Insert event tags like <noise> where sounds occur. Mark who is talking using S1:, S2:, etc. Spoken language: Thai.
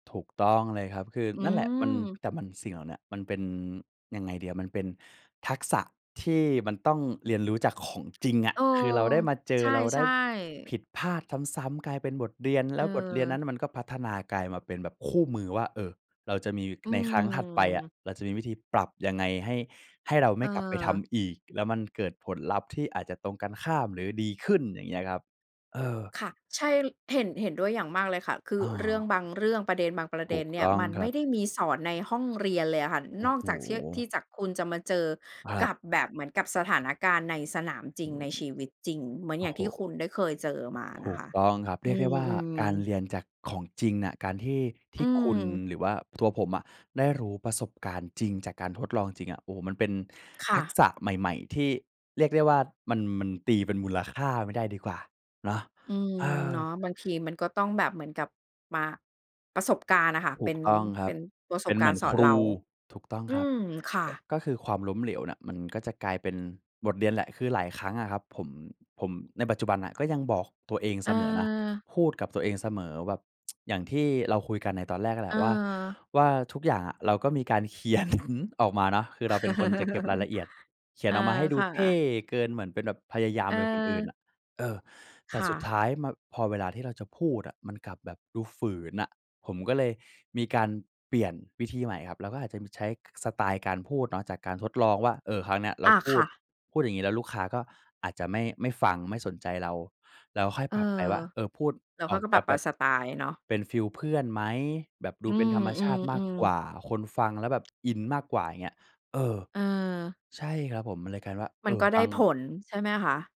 S1: ถูกต้องเลยครับ คือ
S2: อื
S1: นั่นแหละมัน
S2: ม
S1: แต่มันเสี่ยงน่ะ มันเป็นยังไงดีอะ มันเป็นทักษะที่มันต้องเรียนรู้จากของจริงอะ
S2: เออ
S1: คือเราได้มาเจ
S2: ใ
S1: อ เราไ
S2: ช
S1: ด้
S2: ่
S1: ผ
S2: ๆ
S1: ิดพลาดซ้ำ ๆ กลายเป็นบทเรียน แล้วบทเรียนนั้
S2: เออ
S1: นมันก็พัฒนากลายมาเป็นแบบคู่มือว่า เออ เราจะมี
S2: อื
S1: ในครั้งถัดไปอะ
S2: ม
S1: เราจะมีวิธีปรับยังไง ให้ ให้เราไม่กลับไปท
S2: เออ
S1: ำอีก แล้วมันเกิดผลลัพธ์ ที่อาจจะตรงกันข้ามหรือดีขึ้น อย่างเงี้ยครับ เออ
S2: ค่ะ ใช่ ล เห็น เห็นด้วยอย่างมากเลยค่ะ คื
S1: อ
S2: อ
S1: ๋อ
S2: เรื่องบางเรื่อง ประเด็นบางประ
S1: ถ
S2: เด
S1: ู
S2: ็น
S1: ก
S2: เนี
S1: ต
S2: ่ย
S1: ้อง
S2: มัน
S1: ค
S2: ไ
S1: ร
S2: ม
S1: ั
S2: ่
S1: บ
S2: ได้มีสอนในห้องเรียนเลยอะค่ะ
S1: โอ้
S2: นอก
S1: โฮ
S2: จากที่ ที่จะคุณจะมาเจอ
S1: ครั
S2: ก
S1: บ
S2: ับแบบ เหมือนกับสถานการณ์ในสนามจร
S1: โฮ
S2: ิง ในชีวิตจริง เหมือน
S1: โอ
S2: อย
S1: ้
S2: ่าง
S1: โฮ
S2: ที่คุณได้เคยเจอมา
S1: ถ
S2: น
S1: ู
S2: ะค
S1: ก
S2: ะ
S1: ต้องครับ เ
S2: อ
S1: ร
S2: ื
S1: ียกได้ว่า
S2: ม
S1: การ
S2: ๆ
S1: เรียนจากของจริงอะ การที่ ท
S2: อื
S1: ี่คุณ
S2: ม
S1: หรือว่าตัวผมอะ ได้รู้ประสบการณ์จริง จากการทดลองจริงอะ โอ้โฮ มันเป็น
S2: ค
S1: ท
S2: ่
S1: ัก
S2: ะ
S1: ษะใหม่ ๆ ที่เรียกได้ว่า มัน มันตีเป็นมูลค่าไม่ได้ดีกว่าเนาะ
S2: อืม
S1: เออ
S2: เนาะ บางทีมันก็ต้องแบบเหมือนกับมา ประสบการณ์อะค่ะ
S1: ถ
S2: เป
S1: ู
S2: ็
S1: ก
S2: น
S1: ต้องค
S2: เป
S1: รั
S2: ็
S1: บ
S2: นประ
S1: เ
S2: ส
S1: ป็
S2: บ
S1: นเ
S2: ก
S1: หม
S2: า
S1: ื
S2: รณ
S1: อน
S2: ์สอ
S1: ค
S2: น
S1: ร
S2: เร
S1: ู
S2: า
S1: ถูกต้อง
S2: อื
S1: ครับ
S2: ม ค่
S1: ก
S2: ะ
S1: ก็คือ ความล้มเหลวน่ะ มันก็จะกลายเป็นบทเรียนแหละ คือหลายครั้งอะครับ ผม ผมในปัจจุบันน่ะ ก็ยังบอกตัวเองเสมอนะ
S2: เออ
S1: พูดกับตัวเองเสมอแบบ <tsk> อย่างที่เราคุยกันในตอนแรกอะแห
S2: เ
S1: ละว่า
S2: ออ
S1: ว่าทุกอย่างอะ เราก็มีการ เขียน ออกมาเนาะ คือเราเป็นคนจะเก็บรายละเอี
S2: <chuckles>
S1: ยด เข
S2: เ
S1: ี
S2: อ
S1: ยน
S2: อ
S1: ออกมาให้ดู
S2: ค่
S1: เท่
S2: ะ
S1: เกิน เหมือนเป็นแบบพยายามเป็นคนอื่นอ
S2: เออ
S1: ะ เออ แต
S2: ค
S1: ่
S2: ่
S1: สุดท
S2: ะ
S1: ้ายมา พอเวลาที่เราจะพูดอะ มันกลับแบบดูฝืนอะ ผมก็เลยมีการเปลี่ยนวิธีใหม่ครับ เราก็อาจจะมีใช้สไตล์การพูดเนาะ จากการทดลองว่า เอ่อ ครั้งเนี้ยเรา
S2: อา
S1: พู
S2: ค
S1: ด
S2: ่ะ
S1: พูดอย่างงี้แล้ว ลูกค้าก็อาจจะไม่ ไม่ฟังไม่สนใจเรา เราก็ค่อย
S2: เอ
S1: ป
S2: อ
S1: รับไปว่า เอ่อ พูด
S2: แล้ว
S1: อ
S2: เข
S1: อ
S2: า
S1: ก
S2: ก็
S1: จ
S2: ปร
S1: ะ
S2: ับ ป
S1: แบบ
S2: สไตล์เนาะ
S1: เป็นฟิลเพื่อนไหม? แบบดู
S2: อื
S1: เป็นธรรมชาติมาก
S2: ม
S1: ก
S2: ๆ
S1: ว
S2: ๆ
S1: ่า คนฟังแล้วแบบอินมากกว่า อย่างเงี้ย เออ
S2: เออ
S1: ใช่ครับผม เลยกลายว่า
S2: ม
S1: เอ
S2: ัน
S1: อ
S2: ก็ไ
S1: บ
S2: ด้
S1: าง
S2: ผล ใช่ไหมคะ?